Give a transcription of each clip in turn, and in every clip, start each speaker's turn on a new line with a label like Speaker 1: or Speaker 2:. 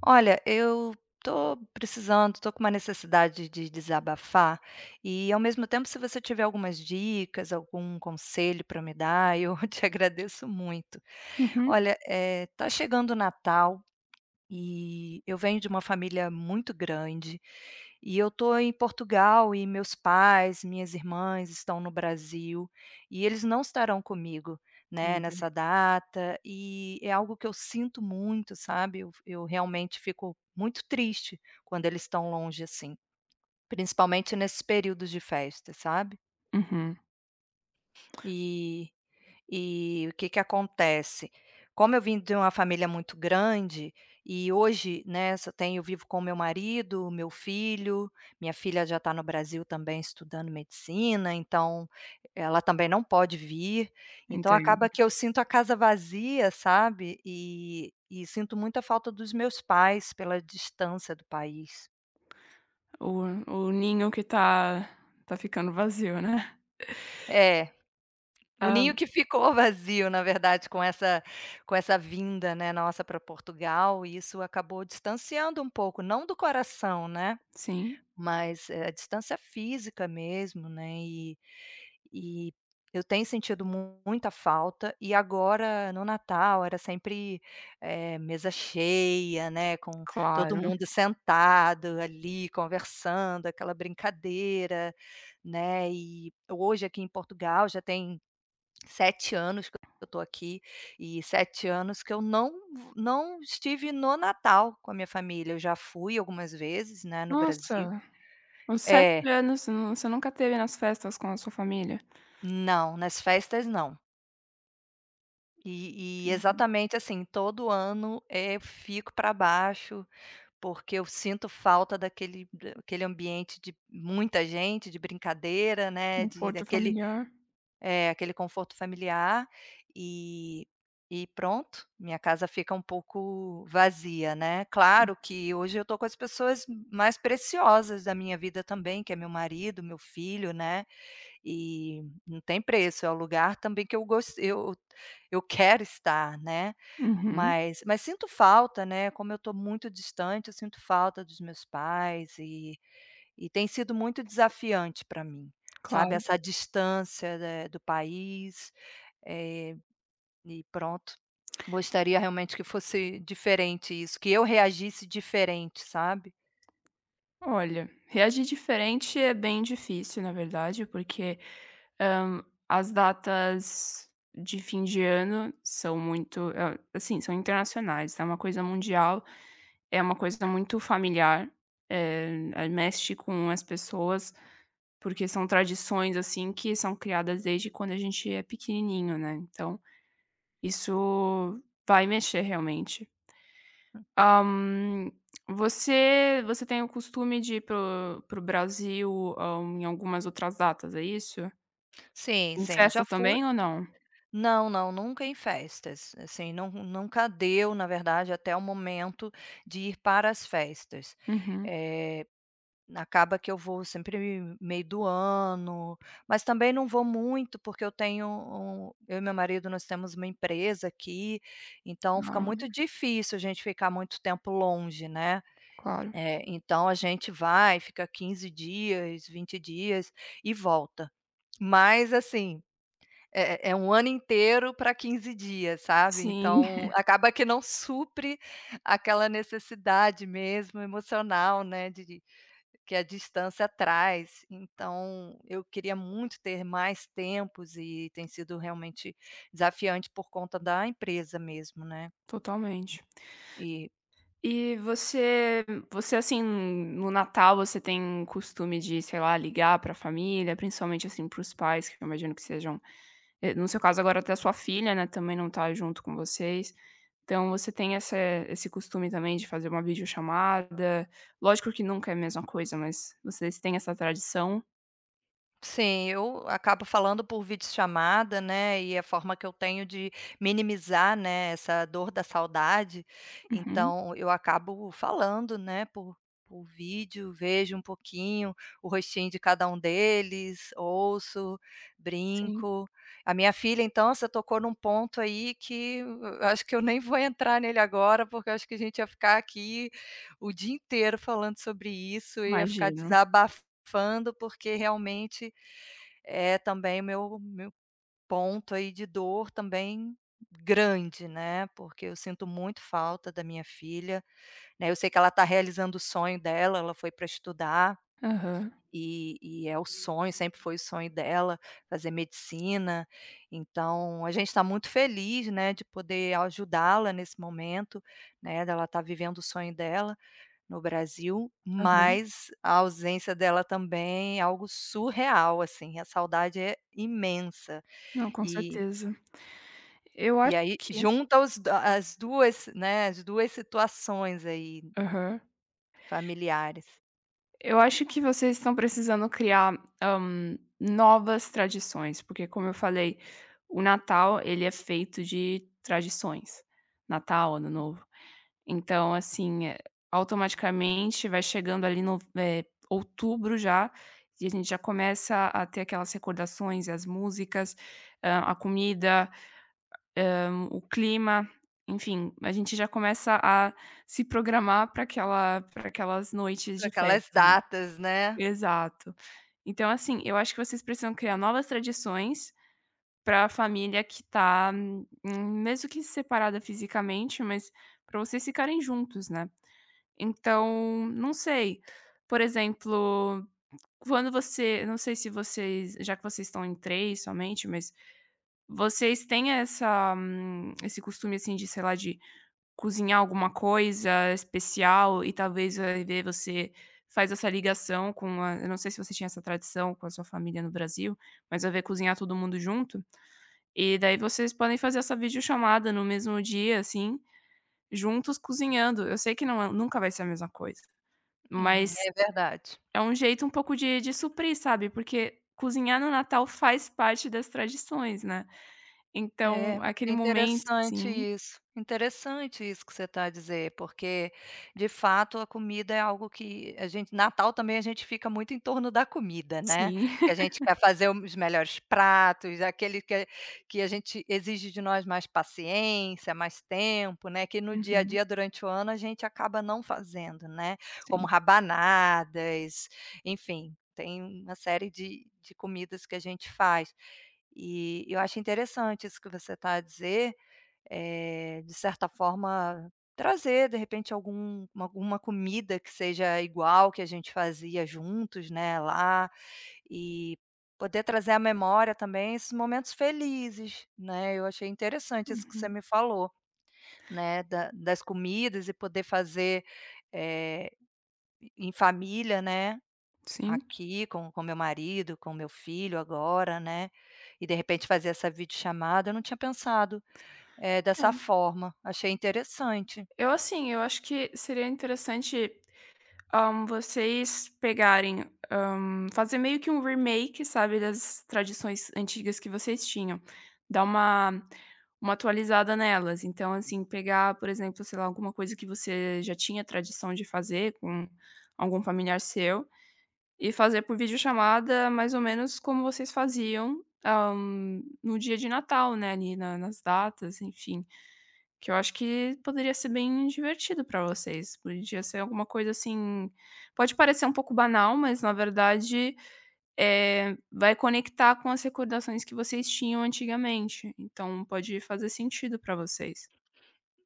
Speaker 1: Olha, eu tô precisando, tô com uma necessidade de desabafar, e ao mesmo tempo se você tiver algumas dicas, algum conselho para me dar eu te agradeço muito.
Speaker 2: Uhum.
Speaker 1: Olha, eh, tá chegando o Natal, e eu venho de uma família muito grande, e eu estou em Portugal e meus pais, minhas irmãs estão no Brasil, e eles não estarão comigo, né, nessa
Speaker 2: Entendi.
Speaker 1: data. E é algo que eu sinto muito, sabe, eu fi eu realmente fico muito triste quando eles estão longe, assim, principalmente nesses períodos de festa, sabe.
Speaker 2: Uhum.
Speaker 1: E e o que que acontece, como eu vim de uma família muito grande, e hoje, né, só tenho vivo com o meu marido, o meu filho, minha filha já está no Brasil também, estudando medicina, então ela também não pode vir, então
Speaker 2: Entendo.
Speaker 1: acaba que eu sinto a casa vazia, sabe, e e sinto muita falta dos meus pais pela distância do país.
Speaker 2: O o ninho que tá tá ficando vazio, né.
Speaker 1: É, o
Speaker 2: Hã.
Speaker 1: ninho que ficou vazio, na verdade, com essa com essa vinda, né, nossa para Portugal, e isso acabou distanciando um pouco. Não do coração, né,
Speaker 2: Sim.
Speaker 1: mas, eh, a distância física mesmo, né, e e eu tenho sentido muita falta. E agora, no Natal, era sempre, eh, mesa cheia, né, com todo
Speaker 2: Claro.
Speaker 1: mundo sentado ali conversando, aquela brincadeira, né. E hoje, aqui em Portugal, já tem 7 anos que eu tô aqui e 7 anos que eu não vo não estive no Natal com a minha família. Eu já fui algumas vezes, né, no Brasil.
Speaker 2: Nossa, uns 7
Speaker 1: É.
Speaker 2: anos você nunca esteve nas festas com a sua família?
Speaker 1: Não, nas festas não. E e
Speaker 2: Entendi.
Speaker 1: exatamente assim, todo ano, eh, eu fico para baixo, porque eu sinto falta daquele aquele ambiente de muita gente, de brincadeira, né, de
Speaker 2: Conforto
Speaker 1: daquele,
Speaker 2: familiar.
Speaker 1: é, aquele conforto familiar. E e pronto, minha casa fica um pouco vazia, né. Claro que hoje eu tô com as pessoas mais preciosas da minha vida também, que é meu marido, meu filho, né, e não tem preço. É o lugar também que eu gos eu eu quero estar, né,
Speaker 2: Uhum.
Speaker 1: mas mas sinto falta, né. Como eu estou muito distante, eu sinto falta dos meus pais e e tem sido muito desafiante para mim, sabe,
Speaker 2: Claro.
Speaker 1: essa distância, né, do país, eh. E pronto, gostaria realmente que fosse diferente isso, que eu reagisse diferente, sabe.
Speaker 2: Olha, reagir diferente é bem difícil na verdade porque, hã, as datas de fim de ano são muito assim são internacionais, é uma coisa mundial, é uma coisa muito familiar, eh, ai mexe com as pessoas, porque são tradições assim que são criadas desde quando a gente é pequenininho né. Então, isso vai mexer realmente. Hã, você você tem o costume de ir para o para o Brasil, hã, em algumas outras datas é isso?
Speaker 1: Sim,
Speaker 2: Em
Speaker 1: sim, eu
Speaker 2: festa
Speaker 1: já fui
Speaker 2: também ou não?
Speaker 1: Não, não, nunca em festas, assim. Não, nunca deu, na verdade, até o momento de ir para as festas.
Speaker 2: Uhum.
Speaker 1: Eh, acaba que eu vou sempre meio do ano, mas também não vou muito, porque eu tenho um eu e meu marido, nós temos uma empresa aqui, então fica
Speaker 2: Ah.
Speaker 1: muito difícil a gente ficar muito tempo longe, né,
Speaker 2: Claro.
Speaker 1: eh. Então a gente vai, fica 15 dias, 20 dias e volta, mas, assim, é é um ano inteiro para 15 dias, sabe,
Speaker 2: Sim.
Speaker 1: então acaba que não supre aquela necessidade mesmo emocional, né, de de que a distância traz. Então eu queria muito ter mais tempos, e tem sido realmente desafiante por conta da empresa mesmo, né.
Speaker 2: Totalmente.
Speaker 1: E.
Speaker 2: E você você assim, no natal você tem o costume de, sei lá, ligar para família? Principalmente assim para os pais que eu imagino que sejam, no seu caso agora até a sua filha, né, também não está junto com vocês, então você tem essa esse costume também de fazer uma videochamada, lógico que nunca é a mesma coisa, mas vocês têm essa tradição?
Speaker 1: Sim, eu acabo falando por videochamada, né, e a forma que eu tenho de minimizar, né, essa dor da saudade.
Speaker 2: Uhum.
Speaker 1: Então eu acabo falando, né, por por vídeo, vejo um pouquinho o rostinho de cada um deles, ouço,
Speaker 2: Sim.
Speaker 1: brinco. A minha filha então, você tocou em um ponto aí que acho que eu nem vou entrar nele agora porque eu acho que a gente ia ficar aqui o dia inteiro falando sobre isso e ia ficar
Speaker 2: Imagino.
Speaker 1: desabafando, porque realmente é também meu meu ponto aí de dor, também grande, né. Porque eu sinto muito falta da minha filha, né, eu sei que ela está realizando o sonho dela, ela foi pra estudar,
Speaker 2: Aham.
Speaker 1: e e é o sonho sempre foi o sonho dela fazer medicina, então a gente tá muito feliz, né, de poder ajudá-la nesse momento, né, dela estar vivendo o sonho dela, no Brasil,
Speaker 2: Aham.
Speaker 1: mas a ausência dela também é algo surreal assim, a saudade é imensa,
Speaker 2: Não, com
Speaker 1: e
Speaker 2: certeza. Eu
Speaker 1: e
Speaker 2: acho
Speaker 1: aí
Speaker 2: que
Speaker 1: junta os as 2, né, as 2 situações aí,
Speaker 2: Aham.
Speaker 1: familiares.
Speaker 2: Eu acho que vocês estão precisando criar, hã, novas tradições, porque como eu falei, o Natal ele é feito de tradições. Natal, Ano Novo, então assim, eh, automaticamente vai chegando ali no eh, outubro já, e a gente já começa a ter aquelas recordações e as músicas, hã, a comida, hã, o clima, enfim. A gente já começa a se programar pra aquela pra aquelas noites
Speaker 1: Pra
Speaker 2: de
Speaker 1: aquelas
Speaker 2: festa.
Speaker 1: datas, né.
Speaker 2: Exato, então assim, eu acho que vocês precisam criar novas tradições, pra família que tá mesmo que separada fisicamente, mas para vocês ficarem juntos, né. Então não sei, por exemplo, quando você, não sei se vocês já que vocês estão em 3 somente, mas vocês têm essa esse costume assim de, sei lá, de cozinhar alguma coisa especial e talvez a ideia de você faz essa ligação com a eu não sei se você tinha essa tradição com a sua família no Brasil, mas a ver cozinhar todo mundo junto, e daí vocês podem fazer essa videochamada no mesmo dia assim, juntos cozinhando, eu sei que não é nunca vai ser a mesma coisa.
Speaker 1: Uhum,
Speaker 2: Mas,
Speaker 1: é verdade.
Speaker 2: é um jeito um pouco de de suprir sabe, porque cozinhar no Natal faz parte das tradições, né. Então
Speaker 1: É,
Speaker 2: aquele
Speaker 1: é
Speaker 2: momento
Speaker 1: interessante
Speaker 2: assim
Speaker 1: isso, interessante isso que você tá a dizer, porque de fato a comida é algo que a gente natal também a gente fica muito em torno da comida, né.
Speaker 2: Sim.
Speaker 1: Que a gente quer fazer os melhores pratos, aquele que que a gente exige de nós mais paciência, mais tempo, né, que no dia a
Speaker 2: Uhum.
Speaker 1: dia durante o ano a gente acaba não fazendo, né.
Speaker 2: Sim.
Speaker 1: Como rabanadas, enfim, tem uma série de de comidas que a gente faz e eu acho interessante isso que você tá a dizer, eh, de certa forma trazer de repente algum alguma comida que seja igual que a gente fazia juntos, né, lá, e poder trazer à memória também esses momentos felizes, né. Eu achei interessante isso que você
Speaker 2: Uhum.
Speaker 1: me falou, né, da das comidas e poder fazer, eh, em família, né,
Speaker 2: Sim.
Speaker 1: aqui com com meu marido, com meu filho agora, né, e de repente fazer essa videochamada eu não tinha pensado, eh, dessa
Speaker 2: É.
Speaker 1: forma, achei interessante.
Speaker 2: Eu assim, eu acho que seria interessante, hã, vocês pegarem, hã, fazer meio que um remake, sabe, das tradições antigas que vocês tinham, dar uma uma atualizada nelas. Então assim pegar por exemplo, sei lá, alguma coisa que você já tinha tradição de fazer com algum familiar seu e fazer por videochamada mais ou menos como vocês faziam, hã, no dia de Natal, né, ali na nas datas, enfim. Que eu acho que poderia ser bem divertido para vocês, podia ser alguma coisa assim pode parecer um pouco banal, mas na verdade, eh, vai conectar com as recordações que vocês tinham antigamente, então pode fazer sentido para vocês.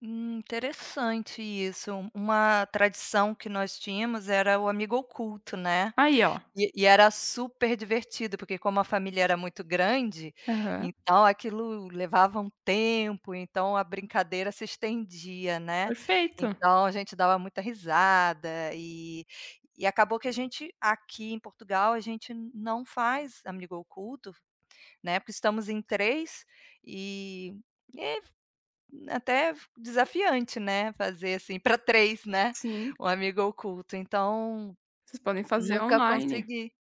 Speaker 1: Hum, interessante isso, uma tradição que nós tínhamos era o amigo oculto, né.
Speaker 2: Aí ó.
Speaker 1: E e era super divertido porque como a família era muito grande,
Speaker 2: Aham.
Speaker 1: então aquilo levava um tempo, então a brincadeira se estendia, né.
Speaker 2: Perfeito.
Speaker 1: Então a gente dava muita risada e e acabou que a gente aqui em Portugal, a gente não faz amigo oculto, né, porque estamos em 3, e f até f desafiante, né, fazer assim para 3, né,
Speaker 2: Sim.
Speaker 1: um amigo oculto então,
Speaker 2: Vocês podem fazer
Speaker 1: nunca
Speaker 2: online,
Speaker 1: consegui.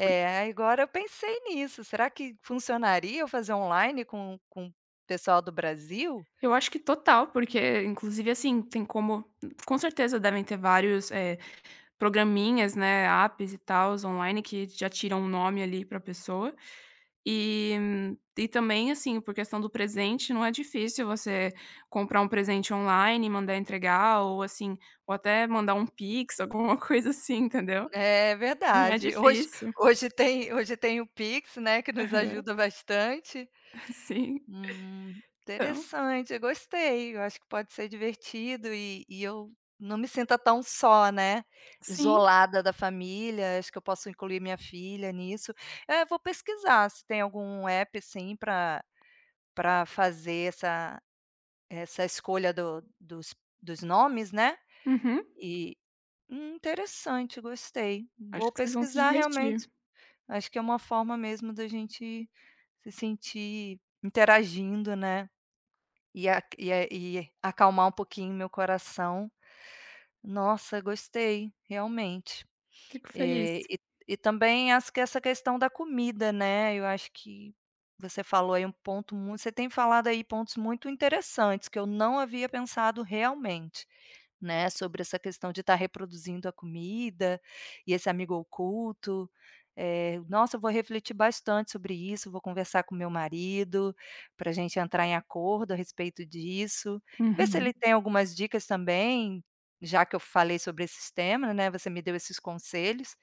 Speaker 2: po
Speaker 1: agora eu pensei nisso, será que funcionaria eu fazer online com com o pessoal do Brasil?
Speaker 2: Eu acho que total, porque inclusive assim, tem como com certeza devem ter vários, eh, programinhas, né, APPs e tals, online que já tiram o nome ali pra pessoa. E, e também assim por questão do presente não é difícil você comprar um presente online e mandar entregar, ou assim, ou até mandar um PIX alguma coisa assim entendeu.
Speaker 1: É
Speaker 2: Não é
Speaker 1: verdade, hoje
Speaker 2: difícil.
Speaker 1: hoje tem hoje tem o PIX, né, que nos
Speaker 2: Aham.
Speaker 1: ajuda bastante.
Speaker 2: Sim,
Speaker 1: Hum,
Speaker 2: então.
Speaker 1: interessante, eu gostei, eu acho que pode ser divertido e e eu não me sinta tão só, né,
Speaker 2: Sim.
Speaker 1: isolada da família, acho que eu posso incluir minha filha nisso. É, vou pesquisar se tem algum APP, assim pra pra fazer essa essa escolha do dos dos nomes, né.
Speaker 2: Uhum.
Speaker 1: E, hum, interessante gostei,
Speaker 2: Acho
Speaker 1: vou
Speaker 2: que vocês vão se
Speaker 1: pesquisar realmente,
Speaker 2: divertir.
Speaker 1: acho que é uma forma mesmo da gente se sentir interagindo, né. E a e é e acalmar um pouquinho o meu coração. Nossa gostei, realmente,
Speaker 2: Fico
Speaker 1: e,
Speaker 2: feliz.
Speaker 1: e e também acho que essa questão da comida, né, eu acho que você falou aí um ponto muito você tem falado aí pontos muito interessantes que eu não havia pensado realmente, né, sobre essa questão de estar reproduzindo a comida e esse amigo oculto, eh, nossa vou refletir bastante sobre isso, vou conversar com meu marido, pra gente entrar em acordo a respeito disso e ver se
Speaker 2: Uhum.
Speaker 1: ele tem algumas dicas também, já que eu falei sobre esses tema, né, você me deu esses conselhos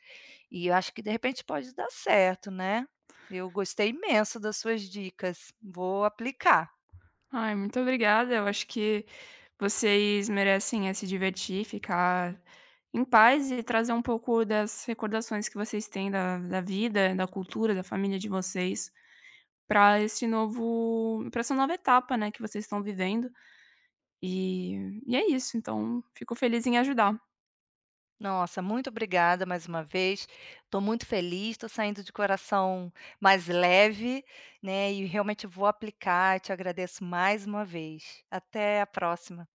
Speaker 1: e eu acho que de repente pode dar certo, né. Eu gostei imenso das suas dicas, vou aplicar.
Speaker 2: Ai muito obrigada, eu acho que vocês merecem é se divertir, ficar em paz e trazer um pouco das recordações que vocês têm da da vida, da cultura, da família de vocês, pra esse novo para essa nova etapa, né, que vocês estão vivendo. E e é isso então, fico feliz em ajudar.
Speaker 1: Nossa, muito obrigada mais uma vez, tô muito feliz, tô saindo de coração mais leve, né, e realmente vou aplicar, te agradeço mais um vez. Até a próxima.